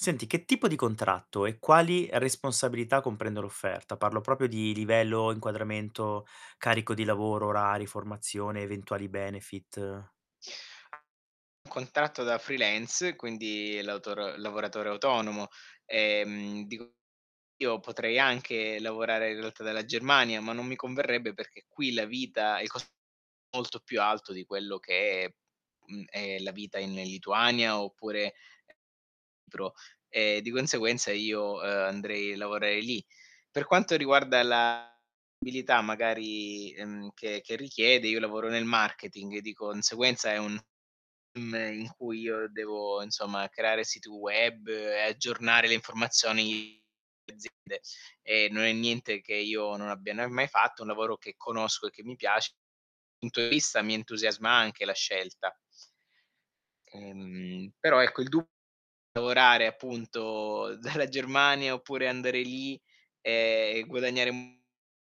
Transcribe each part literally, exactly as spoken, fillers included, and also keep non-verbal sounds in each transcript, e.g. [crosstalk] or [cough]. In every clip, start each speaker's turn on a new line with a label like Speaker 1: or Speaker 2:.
Speaker 1: Senti, che tipo di contratto e quali responsabilità, comprende l'offerta? Parlo propio di livello, inquadramento, carico di lavoro, orari, formazione, eventuali benefit.
Speaker 2: Contratto da freelance, quindi lautor lavoratore autonomo. Ehm, dico, io potrei anche lavorare in realtà dalla Germania, ma non mi converrebbe perché qui la vita il cos molto più alto di quello che mhmm, è la vita in Lituania oppure pro; e di conseguenza io, ehm, andrei lavorei lì. Per quanto riguarda la abilità magari, ehm, che che richiede, io lavoro nel marketing, di conseguenza è un [unintelligible] in cui io devo insomma creare siti web, e aggiornare le informazioni aziende. E non è niente che io non abbia n mai fatto, è un lavoro che conosco e che mi piace, punto di vista mi entusiasma anche la scelta. Mhmm, però ecco il du lavorare appunto dalla Germania oppure andare lì e e guadagnare un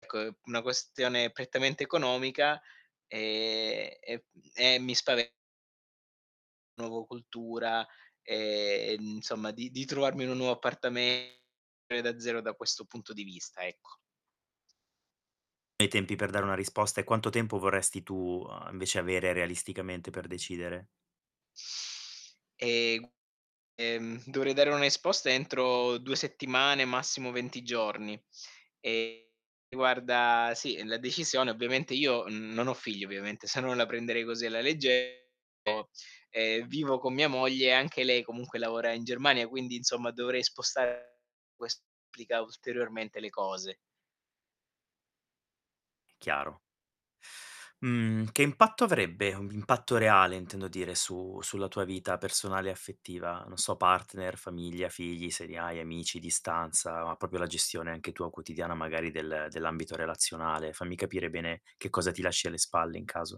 Speaker 2: co è una questione prettamente economica e e mhmm, e mi spave Nuovo cultura, e, ehm, insomma di di trovarmi in un nuovo appartame e da zero da questo punto di vista, ecco.
Speaker 1: E i tempi per dare una risposta e quanto tempo vorresti tu, uhm, invece, avere realisticamente per decidere?
Speaker 2: Ehm, g ehm, dovrei dare un'esposta entro due settimane, massimo venti giorni. E guarda sì, la decisione ovviamente io non ho figli, ovviamente, se no la prenderei così alla legge o ehm, vivo con mia moglie e anche lei comunque lavora in Germania, quindi insomma dovrei spostar ques complica ulteriormente le cose.
Speaker 1: Chiaro. Mhmm, che impatto avrebbe, un impatto reale intendo dire, su sulla tua vita personale e affettiva? Non so, partner, famiglia, figli se li hai, amici, distanza, ma propio la gestione anche tua quotidiana magari del dell'ambito relazionale. Fammi capire bene che cosa ti lasci alle spalle in caso.